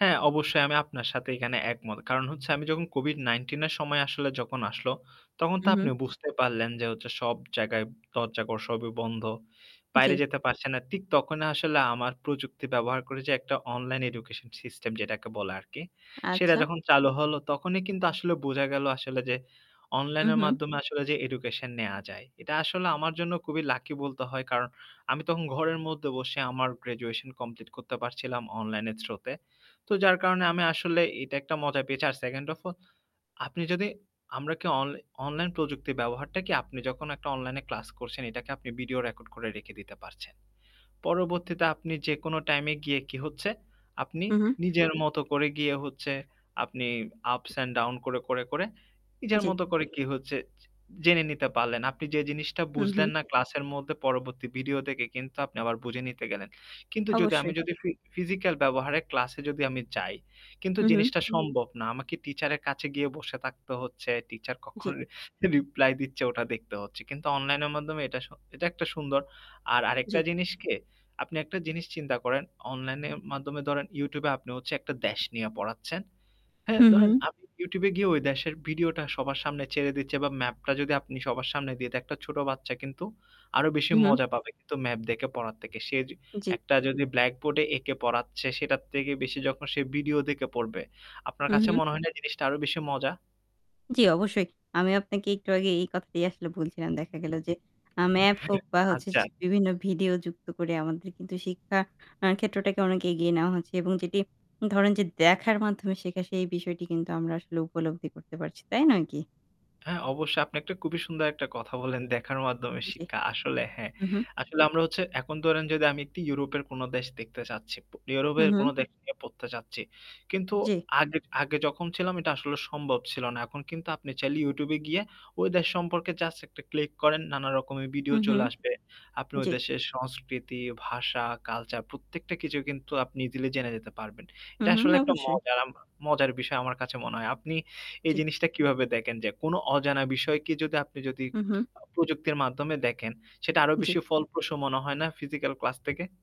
হ্যাঁ। অবশ্যই আমি আপনার সাথে এখানে একমত। কারণ হচ্ছে আমি যখন COVID-19 এর সময় ,আসলে যখন আসলো। তখন তো হু, হু। আপনি বুঝতে পারলেন যে হচ্ছে সব জায়গায় দরজা ঘর সবই বন্ধ। জ্বী। বাইরে যেতে পারছে না। ঠিক তখনই আসলে আমার প্রযুক্তি ব্যবহার করে, যে একটা অনলাইন এডুকেশন সিস্টেম যেটাকে বলে আরকি। সেটা আচ্ছা। যখন চালু হল। তখনই কিন্তু আসলে বোঝা গেল, আসলে যে অনলাইনের উহু। মাধ্যমে আসলে যে এডুকেশন নেয়া যায়। এটা আসলে আমার জন্য খুবই লাকি বলতে হয়। কারণ আমি তখন ঘরের মধ্যে বসে আমার গ্র্যাজুয়েশন কমপ্লিট করতে পারছিলাম। অনলাইনের থ্র-তে। তো যার কারণে আমি আসলে এটা একটা মজা পেয়েছি। আর 2nd off all আপনি যদি আমরা কি অন অনলাইন প্রযুক্তির ব্যবহারটা কি আপনি যখন একটা অনলাইনে ক্লাস করছেন। এটাকে আপনি ভিডিও রেকর্ড করে রেখে দিতে পারছেন। পরবর্তীতে আপনি যেকোনো টাইমে গিয়ে কি হচ্ছে, আপনি হু, হু। নিজের মত করে গিয়ে হচ্ছে আপনি আপস অ্যান্ড ডাউন করে, করে, করে, নিজের জ্বী। মত করে কি হচ্ছে জে জেনে নিতে পারলেন। আপনি যে জিনিসটা হু, বুঝলেন হু। না ক্লাসের মধ্যে পরবর্তী ভিডিও দেখে কিন্তু আপনি আবার বুঝে নিতে গেলেন। কিন্তু যদি আমি অবশ্যই। যদি ফি ফিজিক্যাল ব্যবহারে ক্লাসে যদি আমি যাই, কিন্তু হু, হু। জিনিসটা সম্ভব না। আমাকে টিচারের কাছে গিয়ে বসে থাকতে হচ্ছে, টিচার জ্বী। কখনো রিপ্লাই দিচ্ছে ওটা দেখতে হচ্ছে। কিন্তু অনলাইনের মাধ্যমে এটা স এটা একটা সুন্দর। আর জ্বী। আরেকটা জিনিস কি? আপনি একটা জিনিস চিন্তা করেন। অনলাইনের মাধ্যমে ধরেন Youtube এ আপনি হচ্ছে একটা দেশ নিয়া পড়াচ্ছেন। হ্যাঁ, হু, হু। ধরেন আমি Youtube এ গিয়ে ওই দেশের ভিডিওটা সবার সামনে ছেড়ে দিচ্ছি। বা ম্যাপটা যদি আপনি সবার সামনে দিয়ে একটা ছোট বাচ্চা কিন্তু আরো বেশি হু ,হু। মজা পাবে কিন্তু ম্যাপ দেখে পড়ার থেকে। সে জ্বী। একটা যদি ব্ল্যাকবোর্ডে এঁকে পড়াচ্ছে সেটার থেকে বেশি। যখন সে ভিডিও দেখে পড়বে। আপনার হু, কাছে হু। মনে হয় না জিনিসটা আরো বেশি মজা? জ্বি। অবশ্যই। আমি আপনাকে একটু আগে এই কথাটাই আসলে বলছিলাম। দেখা গেল যে, আ ম্যাপ হোক। বা হচ্ছে আচ্ছা। বিভিন্ন ভিডিও যুক্ত করে, আমাদের কিন্তু শিক্ষা ক্ষেত্রটাকে অনেক এগিয়ে নেওয়া হচ্ছে। এবং যেটি ধরেন যে দেখার মাধ্যমে শেখা। সেই বিষয়টি কিন্তু আমরা আসলে উপলব্ধি করতে পারছি। তাই নয় কি? হ্যাঁ। অবশ্যই আপনি একটা খুবই সুন্দর একটা কথা বলেন দেখার মাধ্যমে জ্বী। শিক্ষা। আসলে হ্যাঁ। হু, হু। আসলে আমরা হচ্ছে, এখন ধরেন যদি আমি ইউরোপের কোন দেশ দেখতে চাচ্ছি, হু, ইউরোপের কোন হু। দেশ নিয়ে পড়তে চাচ্ছি। কিন্তু জ্বী। আগে আগে যখন ছিলাম এটা আসলে সম্ভব ছিল না। এখন কিন্তু আপনি চ্যানেল Youtube এ গিয়ে ওই দেশ সম্পর্কে জাস্ট একটা ক্লিক করেন। নানা রকমের ভিডিও হু ,হু। চলে আসবে। আপনি ওই জ্বী। দেশের সংস্কৃতি, ভাষা, কালচার প্রত্যেকটা কিছু কিন্তু আপনি দিলে জেনে যেতে পারবেন। এটা হুম, হুম, আসলে একটা অবশ্যই। মজার আমা মজার বিষয়। আমার কাছে মনে হয়। আপনি এই জ্বী। জিনিসটা কিভাবে দেখেন? যে কোন অজানা বিষয়কে যদি আপনি যদি হু, হু। প্রযুক্তির মাধ্যমে দেখেন। সেটা আরো জ্বী। বেশি ফলপ্রস মনে হয় না ফিজিক্যাল ক্লাস থেকে?